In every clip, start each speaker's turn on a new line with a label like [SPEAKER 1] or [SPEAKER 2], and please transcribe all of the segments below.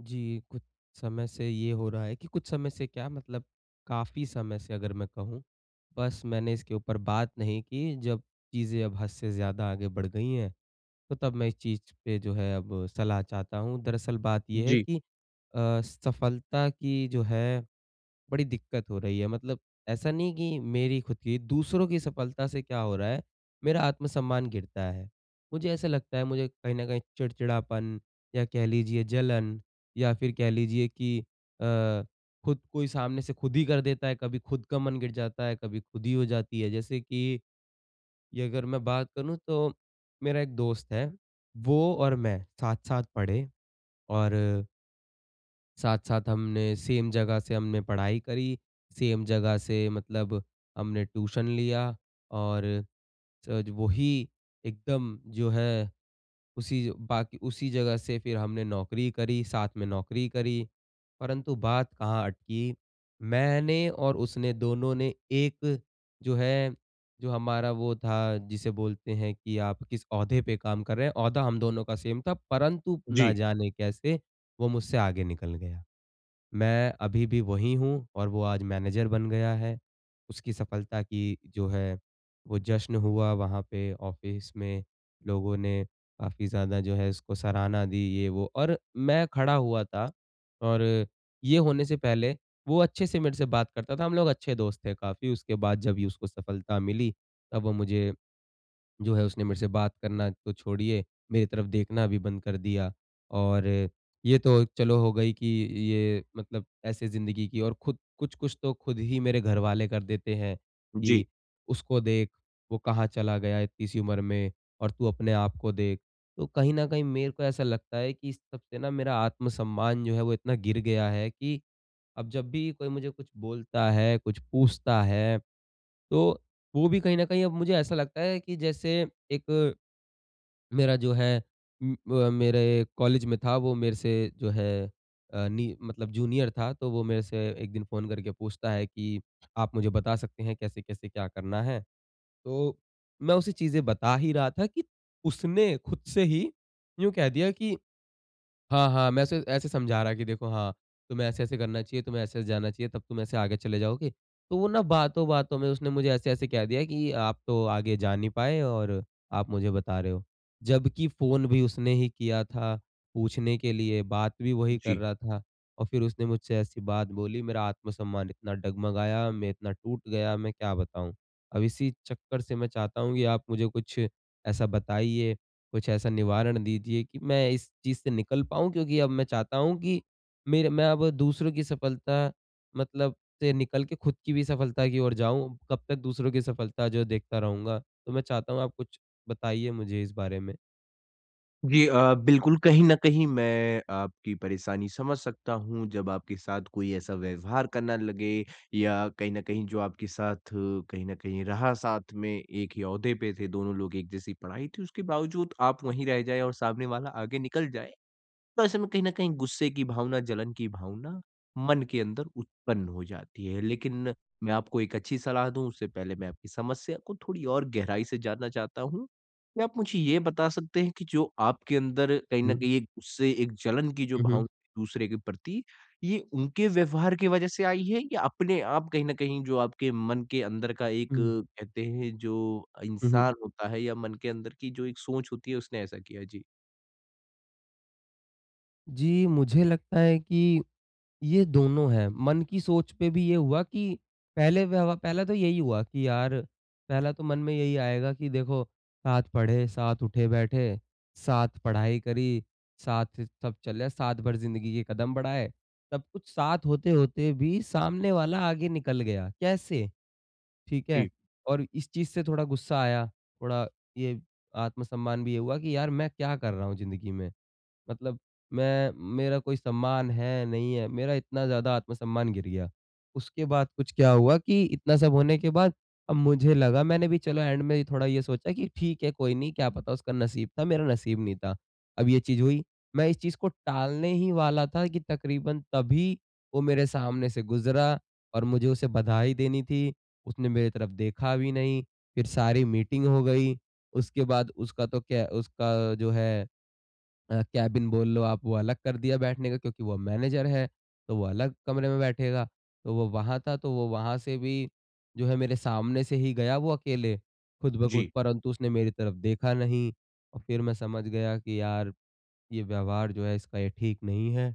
[SPEAKER 1] जी कुछ समय से ये हो रहा है कि कुछ समय से क्या मतलब काफ़ी समय से अगर मैं कहूँ बस मैंने इसके ऊपर बात नहीं की जब चीज़ें अब हद से ज़्यादा आगे बढ़ गई हैं, तो तब मैं इस चीज़ पे जो है अब सलाह चाहता हूँ। दरअसल बात ये है
[SPEAKER 2] जी।
[SPEAKER 1] कि अ, सफलता की जो है बड़ी दिक्कत हो रही है। मतलब ऐसा नहीं कि मेरी खुद की दूसरों की सफलता से क्या हो रहा है, मेरा आत्मसम्मान गिरता है। मुझे ऐसा लगता है मुझे कहीं न कहीं चिड़चिड़ापन या कह लीजिए जलन या फिर कह लीजिए की अ, खुद कोई सामने से खुद ही कर देता है कभी खुद का मन गिर जाता है, कभी खुद ही हो जाती है जैसे कि, ये अगर मैं बात करूँ तो मेरा एक दोस्त है वो और मैं साथ-साथ पढ़े और साथ-साथ हमने सेम जगह से हमने पढ़ाई करी, सेम जगह से मतलब हमने ट्यूशन लिया और जज वो ही एकदम जो है उसी बाक उसी जगह से फिर हमने नौकरी करी, साथ में नौकरी करी। परंतु बात कहाँ अटकी, मैंने और उसने दोनों ने एक जो है जो हमारा वो था जिसे बोलते हैं कि आप किस ओहदे पे काम कर रहे हैं, ओहदा हम दोनों का सेम था परंतु ना
[SPEAKER 2] जी।
[SPEAKER 1] जाने कैसे वो मुझसे आगे निकल गया। मैं अभी भी वही हूँ और वो आज मैनेज़र बन गया है। उसकी सफलता की जो है वो जश्न हुआ वहाँ पे ऑफ़िस में। लोगों ने काफ़ी ज़्यादा जो है उसको सराहना दी ये वो और मैं खड़ा हुआ था। और ये होने से पहले वो अच्छे से मेरे से बात करता था। हम लोग अच्छे दोस्त थे काफ़ी, उसके बाद जब उसको सफलता मिली तब वो मुझे, जो है उसने मेरे से बात करना तो छोड़िए, मेरी तरफ देखना भी बंद कर दिया। और ये तो चलो हो गई कि ये मतलब ऐसे ज़िन्दगी की और खुद कुछ-कुछ तो खुद ही मेरे घर वाले कर देते हैं
[SPEAKER 2] जी।
[SPEAKER 1] कि उसको देख वो कहाँ चला गया इतनी सी उम्र में और तू अपने आप को देख। तो कहीं न कहीं मेरे को ऐसा लगता है कि इस सबसे न मेरा आत्मसम्मान जो है वो इतना गिर गया है कि अब जब भी कोई मुझे कुछ बोलता है, कुछ पूछता है, तो वो भी कहीं न कहीं अब मुझे ऐसा लगता है कि जैसे एक, मेरा जो है उम, ब मेरे कॉलेज में था वो मेरे से जो है अ, नि मतलब जूनियर था। तो वो मेरे से एक दिन फ़ोन करके पूछता है कि आप मुझे बता सकते हैं कैसे-कैसे क्या करना है? तो मैं उसे चीजें बता ही रहा था कि उसने खुद से ही यूँ कह दिया कि हाँ, हाँ मैं ऐसे ऐसे समझा रहा है कि देखो हाँ तुम्हें ऐसे-ऐसे करना चाहिए, तुम्हें ऐसे-ऐसे जाना चाहिए तब तुम ऐसे आगे चले जाओगे। तो वो न बातों-बातों में उसने मुझे ऐसे-ऐसे कह दिया कि आप तो आगे जा नहीं पाए और आप मुझे बता रहे हो। जब कि फ़ोन भी उसने ही किया था पूछने के लिए, बात भी वही कर
[SPEAKER 2] जी।
[SPEAKER 1] रहा था और फिर उसने मुझसे ऐसी बात बोली मेरा आत्मसम्मान इतना डगमगाया, मैं इतना टूट गया, मैं क्या बताऊँ? अब इसी चक्कर से मैं चाहता हूँ कि आप मुझे कुछ ऐसा बताइए, कुछ ऐसा निवारण दीजिए कि मैं इस चीज़ से निकल पाऊँ क्योंकि अब मैं चाहता हूँ कि मेरे मैं अब दूसरों की सफलता मतलब से निकल के खुद की भी सफलता की ओर जाऊँ, कब तक दूसरों की सफलता जो है देखता रहूँगा? तो मैं चाहता हूँ आप कुछ बताइए मुझे इस बारे में।
[SPEAKER 2] जी। अ, बिल्कुल कहीं न कहीं मैं आपकी परेशानी समझ सकता हूँ जब आपके साथ कोई ऐसा व्यवहार करना लगे या कहीं न कहीं जो आपके साथ कहीं न कहीं रहा साथ में एक ही ओहदे पे थे दोनों लोग एक जैसी पढ़ाई थी उसके बावजूद आप वहीं रह जाए और सामने वाला आगे निकल जाए, तो ऐसे में कहीं न कहीं गुस्से की भावना, जलन की भावना मन के अंदर उत्पन्न हो जाती है। लेकिन मैं आपको एक अच्छी सलाह दूँ। उससे पहले मैं आपकी समस्या को थोड़ी और गहराई से जानना चाहता हूँ। क्या आप मुझे ये बता सकते हैं कि जो आपके अंदर कहीं न
[SPEAKER 1] हुँ।
[SPEAKER 2] कहीं एक उससे एक जलन की जो
[SPEAKER 1] हुँ, हुँ।
[SPEAKER 2] भावना दूसरे के प्रति ये उनके व्यवहार की वज़ह से आई है या अपने आप कहीं न कहीं जो आपके मन के अंदर का एक
[SPEAKER 1] हुँ।
[SPEAKER 2] कहते हैं जो
[SPEAKER 1] हुँ, हुँ।
[SPEAKER 2] इंसान होता है या मन के अंदर की जो एक सोच होती है उसने ऐसा किया? जी।
[SPEAKER 1] जी, मुझे लगता है कि, ये दोनों हैं। मन की सोच पे भी ये हुआ कि पहले व्यव पहले तो यही हुआ कि यार पहला तो मन में यही आएगा कि देखो साथ पढ़े, साथ उठे बैठे, साथ पढ़ाई करी साथ सब चले, साथ भर ज़िंदगी के कदम बढ़ाए। सब कुछ साथ होते-होते भी सामने वाला आगे निकल गया। कैसे? ठीक है?
[SPEAKER 2] जी।
[SPEAKER 1] और इस चीज़ से थोड़ा गुस्सा आया थोड़ा ये आत्म सम्मान भी ये हुआ कि यार मैं क्या कर रहा हूँ ज़िंदगी में। मतलब मैं मेरा कोई सम्मान है नहीं है, मेरा इतना ज़्यादा आत्मसम्मान गिर गया। उसके बाद कुछ क्या हुआ कि इतना सब होने के बाद अब मुझे लगा मैंने भी चलो एण्ड में थोड़ा ये सोचा कि ठीक है कोई नहीं क्या पता उसका नसीब था, मेरा नसीब नहीं था। अब ये चीज़ हुई। मैं इस चीज़ को टालने ही वाला था कि तकरीबन तभी वो मेरे सामने से गुज़रा और मुझे उसे बधाई देनी थी। उसने मेरी तरफ देखा भी नहीं। फ़िर सारी मीटिंग हो गई। उसके बाद उसका तो क्या उसका जो है अ, केबिन बोल लो आप वो अलग कर दिया बैठने का क्योंकि वो अब मैनेजर है तो वो अलग कमरे में बैठेगा। तो वो वहाँ था तो वो वहाँ से भी जो है मेरे सामने से ही गया वो अकेले ख़ुद ब ख़ुद
[SPEAKER 2] जी।
[SPEAKER 1] परंतु उसने मेरी तरफ देखा नहीं और फ़िर मैं समझ गया कि यार ये व्यवहार जो है इसका ये ठीक नहीं है।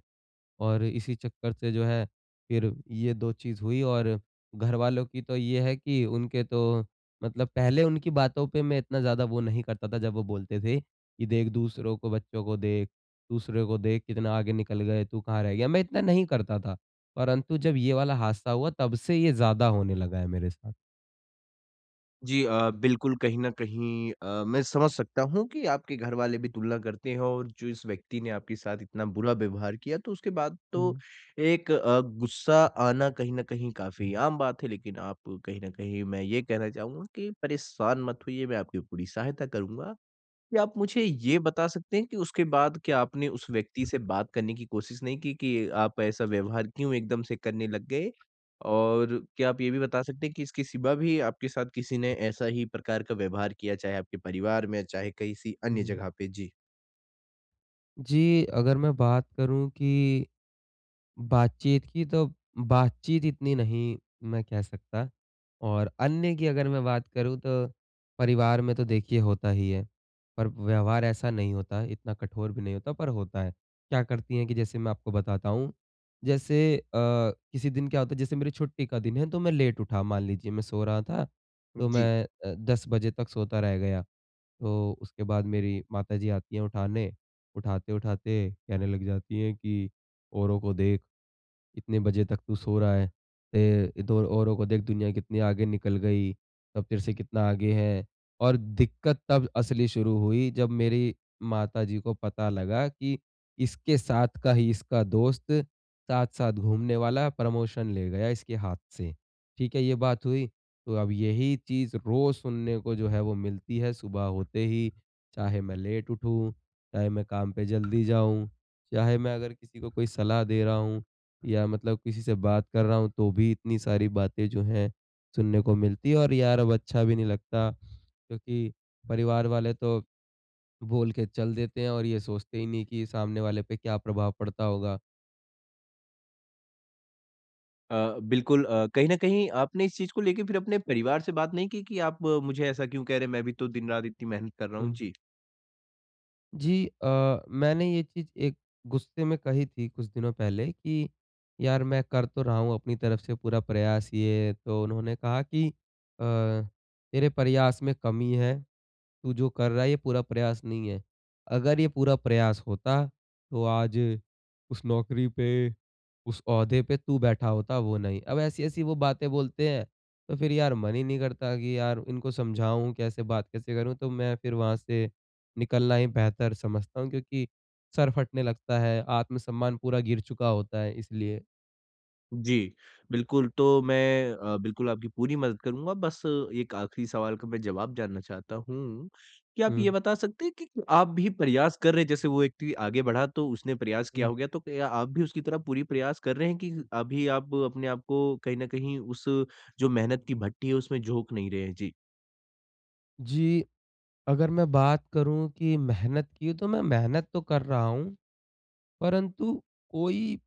[SPEAKER 1] और इसी चक्कर से जो है फ़िर ये 2 चीज़ हुई और घरवालों की तो ये है कि उनके तो मतलब पहले उनकी बातों पे मैं इतना ज़्यादा वो नहीं करता था जब वो बोलते थे कि देख दूसरों को बच्चों को देख, दूसरे को देख कितना आगे निकल गए तू कहाँ रह गया? मैं इतना नहीं करता था। परंतु जब ये वाला हादसा हुआ तब से ये ज़्यादा होने लगा है मेरे साथ।
[SPEAKER 2] जी अ, बिल्कुल कहीं न कहीं अ, मैं समझ सकता हूँ, कि आपके घरवाले भी तुलना करते हैं, और जो इस व्यक्ति ने आपके साथ इतना बुरा व्यवहार किया, तो उसके बाद तो
[SPEAKER 1] हुँ।
[SPEAKER 2] एक अ, गुस्सा आना कहीं न कहीं काफ़ी आम बात है। लेकिन आप कहीं न कहीं मैं ये कहना चाहूँगा कि परेशान मत होइए, मैं आपकी पूरी सहायता करूँगा। क्या आप मुझे ये बता सकते हैं, कि उसके बाद क्या आपने उस व्यक्ति से बात करने की कोशिश नहीं की, कि आप ऐसा व्यवहार क्यों एकदम से करने लग गए? और क्या आप ये भी बता सकते हैं, कि इसकी सिवा भी आपके साथ किसी ने ऐसा ही प्रकार का व्यवहार किया? चाहे आपके परिवार में चाहे, किसी अन्य
[SPEAKER 1] हुँ।
[SPEAKER 2] जगह पे? जी।
[SPEAKER 1] जी। अगर मैं बात करूँ कि, बातचीत की तो बातचीत इतनी नहीं मैं कह सकता। और अन्य की अगर मैं बात करूँ तो, परिवार में तो देखिए होता ही है। पर व्यवहार ऐसा नहीं होता है, इतना कठोर भी नहीं होता, पर होता है। क्या करती है कि जैसे मैं आपको बताता हूँ, जैसे अ, किसी दिन क्या होता है, जैसे मेरी छुट्टी का दिन है तो मैं लेट उठा मान लीजिए मैं सो रहा था तो
[SPEAKER 2] जी।
[SPEAKER 1] मैं अ, 10 बजे तक सोता रह गया। तो उसके बाद मेरी माताजी आती हैं उठाने, उठाते-उठाते कहने लग जाती है कि औरों को देख इतने बजे तक तू सो रहा है। अ, तो औरों को देख दुनिया कितनी आगे निकल गई, सब तेरे से कितना आगे हैं, और दिक्कत तब असली शुरू हुई जब मेरी माताजी को पता लगा कि इसके साथ का ही इसका दोस्त साथ-साथ घूमने वाला प्रमोशन ले गया इसके हाथ से। ठीक है? ये बात हुई। तो अब यही चीज़ रोज़ सुनने को जो है वो मिलती है, सुबह होते ही। चाहे मैं लेट उठूँ, चाहे मैं काम पे जल्दी जाऊँ, चाहे मैं अगर किसी को कोई सलाह दे रहा हूँ। या मतलब किसी से बात कर रहा हूँ, तो भी इतनी सारी बातें जो हैं, सुनने को मिलती है और यार अब अच्छा भी नहीं लगता, क्योंकि परिवार वाले तो बोल के चल देते हैं, और ये सोचते ही नहीं कि सामने वाले पे क्या प्रभाव पड़ता होगा।
[SPEAKER 2] अ, बिल्कुल अ, कहीं न कहीं आपने इस चीज़ को लेके फ़िर अपने परिवार से बात नहीं की कि आप मुझे ऐसा क्यों कह रहे हैं मैं भी तो दिन-रात इतनी मेहनत कर रहा हूँ?
[SPEAKER 1] हुँ।
[SPEAKER 2] जी।
[SPEAKER 1] जी अ, मैंने ये चीज़ एक गुस्से में कही थी कुछ दिनों पहले की यार मैं कर तो रहा हूँ अपनी तरफ से पूरा प्रयास ये। तो उन्होंने कहा कि, "अ, तेरे प्रयास में कमी है। तू जो कर रहा है ये पूरा प्रयास नहीं है। अगर ये पूरा प्रयास होता तो आज उस नौकरी पे, उस ओहदे पे तू बैठा होता वो नहीं।" अब ऐसी-ऐसी वो बातें बोलते हैं तो फ़िर यार मन ही नहीं करता कि यार इनको समझाऊँ कैसे, बात कैसे करूँ? तो मैं फ़िर वहाँ से निकलना ही बेहतर समझता हूँ क्योंकि सर फटने लगता है, आत्मसम्मान पूरा गिर चुका होता है इसलिए।
[SPEAKER 2] जी। बिल्कुल तो मैं अ, बिल्कुल आपकी पूरी मदद करूँगा बस 1 आखिरी सवाल का मैं जवाब जानना चाहता हूँ। क्या आप ये
[SPEAKER 1] हुँ।
[SPEAKER 2] बता सकते हैं कि आप भी प्रयास कर रहे हैं जैसे वो व्यक्ति आगे बढ़ा तो उसने प्रयास किया
[SPEAKER 1] हुँ।
[SPEAKER 2] होगा तो आप भी उसकी तरह पूरी प्रयास कर रहे हैं की अभी आप अपने आपको कहीं न कहीं उस जो मेहनत की भट्टी है उसमें झोंक नहीं रहे हैं? जी।
[SPEAKER 1] जी, अगर मैं बात करूँ कि मेहनत की तो मैं मेहनत तो कर रहा हूँ। परंतु कोई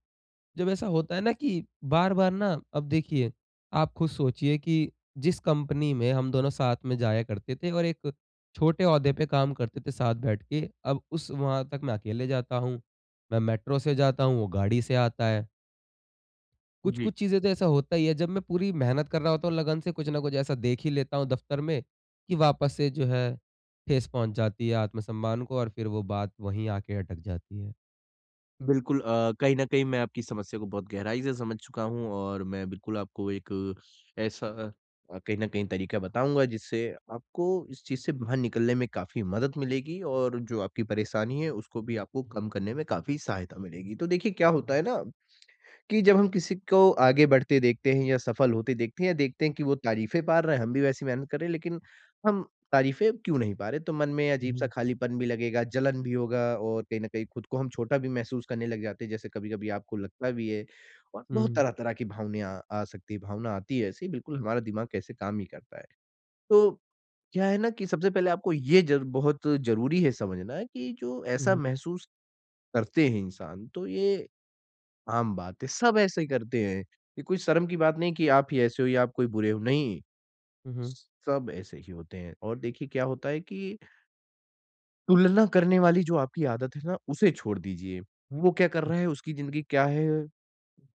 [SPEAKER 1] जब ऐसा होता है ना कि बार-बार ना अब देखिए, आप खुद सोचिए कि जिस कंपनी में हम दोनों साथ में जाया करते थे और एक छोटे ओहदे पे काम करते थे साथ बैठ के, अब उस वहाँ तक मैं अकेले जाता हूँ। मैं मेट्रो से जाता हूँ वो गाड़ी से आता है।
[SPEAKER 2] जी।
[SPEAKER 1] कुछ-कुछ चीज़ें तो ऐसा होता ही है। जब मैं पूरी मेहनत कर रहा होता हूँ लगन से, कुछ न कुछ ऐसा देख ही लेता हूँ दफ्तर में, कि वापस से जो है, ठेस पहुँच जाती है आत्मसम्मान को और फिर वो बात वही आके अटक जाती है।
[SPEAKER 2] बिल्कुल अ, कहीं न कहीं मैं आपकी समस्या को बहुत गहराई से समझ चुका हूँ और मैं बिल्कुल आपको एक ऐसा अ, कहीं न कहीं तरीका बताऊँगा जिससे आपको इस चीज़ से बाहर निकलने में काफ़ी मदद मिलेगी और जो आपकी परेशानी है, उसको भी आपको कम करने में काफ़ी सहायता मिलेगी। तो देखिए क्या होता है ना, कि जब हम किसी को आगे बढ़ते देखते हैं या सफल होते देखते हैं या देखते हैं कि वो तारीफ़ें पा रहा है, हम भी वैसी मेहनत कर रहे हैं लेकिन हम तारीफ़ें क्यों नहीं पा रहे? तो मन में
[SPEAKER 1] हुँ,
[SPEAKER 2] अजीब-सा
[SPEAKER 1] हुँ।
[SPEAKER 2] खालीपन भी लगेगा, जलन भी होगा और कहीं न कहीं खुद को हम छोटा भी महसूस करने लग जाते हैं, जैसे कभी-कभी आपको लगता भी है। और बहुत
[SPEAKER 1] हुँ।
[SPEAKER 2] तरह-तरह की भावनाएँ अ, आ सकती हैं, भावना आती है ऐसी बिल्कुल हमारा दिमाग कैसे काम ही करता है। तो, क्या है ना कि सबसे पहले आपको ये जर बहुत ज़रूरी है समझना कि जो ऐसा
[SPEAKER 1] हुँ।
[SPEAKER 2] महसूस करते हैं इंसान तो ये, आम बात है सब ऐसे ही करते हैं। ये कोई शर्म की बात नहीं कि आप ही ऐसे हो या आप कोई बुरे हो नहीं।
[SPEAKER 1] हुँ, हुँ।
[SPEAKER 2] सब ऐसे ही होते हैं और देखिए क्या होता है कि तुलना करने वाली जो आपकी आदत है ना उसे छोड़ दीजिए। वो क्या कर रहा है, उसकी ज़िंदगी क्या है?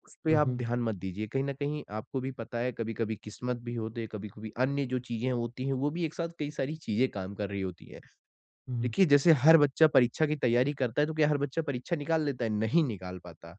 [SPEAKER 2] उस पे
[SPEAKER 1] हुँ,
[SPEAKER 2] आप
[SPEAKER 1] हुँ।
[SPEAKER 2] ध्यान मत दीजिए। कहीं न कहीं आपको भी पता है कभी-कभी किस्मत भी होते हैं, कभी-कभी अन्य जो चीज़ें होती हैं, वो भी एक साथ कई सारी चीज़ें काम कर रही होती हैं।
[SPEAKER 1] हुँ, हुँ।
[SPEAKER 2] देखिए जैसे हर बच्चा परीक्षा की तैयारी करता है तो क्या हर बच्चा परीक्षा निकाल लेता है? नहीं निकाल पाता।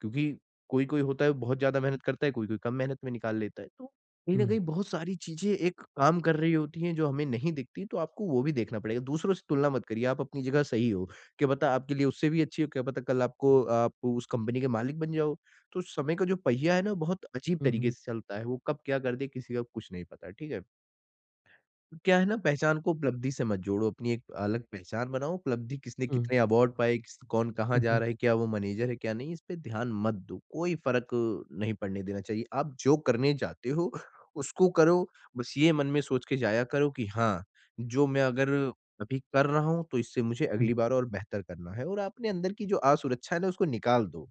[SPEAKER 2] क्योंकि कोई-कोई होता है बहुत ज़्यादा मेहनत करता है, कोई-कोई कम मेहनत में निकाल लेता है तो कहीं न
[SPEAKER 1] हुँ।
[SPEAKER 2] कहीं बहुत सारी चीज़ें एक काम कर रही होती हैं, जो हमें नहीं दिखती तो आपको वो भी देखना पड़ेगा। दूसरों से तुलना मत करिए आप अपनी जगह सही हो। क्या पता आपके लिए उससे भी अच्छी हो, क्या पता कल आपको आप उस कंपनी के मालिक बन जाओ। तो समय का जो पहिया है ना बहुत अजीब
[SPEAKER 1] हुँ,
[SPEAKER 2] तरीके
[SPEAKER 1] हुँ।
[SPEAKER 2] से चलता है। वो कब क्या कर दे किसी का कुछ नहीं पता। ठीक है? क्या है ना पहचान को उपलब्धि से मत जोड़ो, अपनी एक अलग पहचान बनाओ। उपलब्धि किसने
[SPEAKER 1] हुँ।
[SPEAKER 2] कितने अवार्ड पाए, किस कौन कहाँ
[SPEAKER 1] हुँ,
[SPEAKER 2] जा
[SPEAKER 1] हुँ।
[SPEAKER 2] रहा है, क्या वो मैनेजर है क्या नहीं, इस पे ध्यान मत दो कोई फ़र्क अ, नहीं पड़ने देना चाहिए। आप जो करने जाते हो, उसको करो। बस ये मन में सोच के जाया करो कि हाँ, जो मैं अगर अभी कर रहा हूँ तो इससे मुझे
[SPEAKER 1] हुँ।
[SPEAKER 2] अगली बार और बेहतर करना है और आपने अंदर की जो असुरक्षा है ना उसको निकाल दो।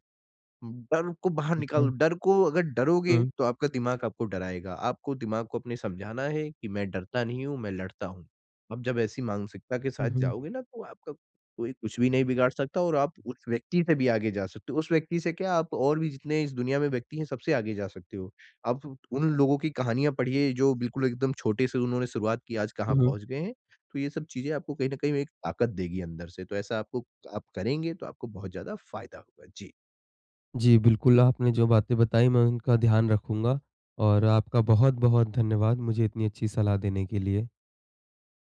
[SPEAKER 2] बन को बाहर
[SPEAKER 1] ठीक
[SPEAKER 2] निकाल
[SPEAKER 1] है।
[SPEAKER 2] डर को अगर डरोगे
[SPEAKER 1] हुँ।
[SPEAKER 2] तो आपका दिमाग आपको डराएगा। आपको दिमाग को अपने समझाना है कि मैं डरता नहीं हूँ, मैं लड़ता हूँ। अब जब ऐसी मानसिकता के
[SPEAKER 1] हुँ,
[SPEAKER 2] साथ
[SPEAKER 1] हुँ।
[SPEAKER 2] जाओगे ना तो आपका कोई कुछ भी नहीं बिगाड़ सकता और आप उस व्यक्ति से भी आगे जा सकते हो। उस व्यक्ति से क्या, आप और भी जितने इस दुनिया में व्यक्ति हैं सबसे आगे जा सकते हो। आप उट उन लोगों की कहानियाँ पढ़िए, जो बिल्कुल एकदम छोटे से उन्होंने शुरुआत की आज कहाँ
[SPEAKER 1] हुँ, हुँ।
[SPEAKER 2] पहुँच गए हैं। तो ये सब चीज़ें आपको कहीं न कहीं एक ताकत देगी अंदर से तो ऐसा आपको आप करेंगे तो आपको बहुत ज़्यादा फ़ायदा होगा। जी।
[SPEAKER 1] जी, बिल्कुल, आपने जो बातें बताईं मैं उनका ध्यान रखूँगा। और आपका बहुत-बहुत धन्यवाद मुझे इतनी अच्छी सलाह देने के लिए।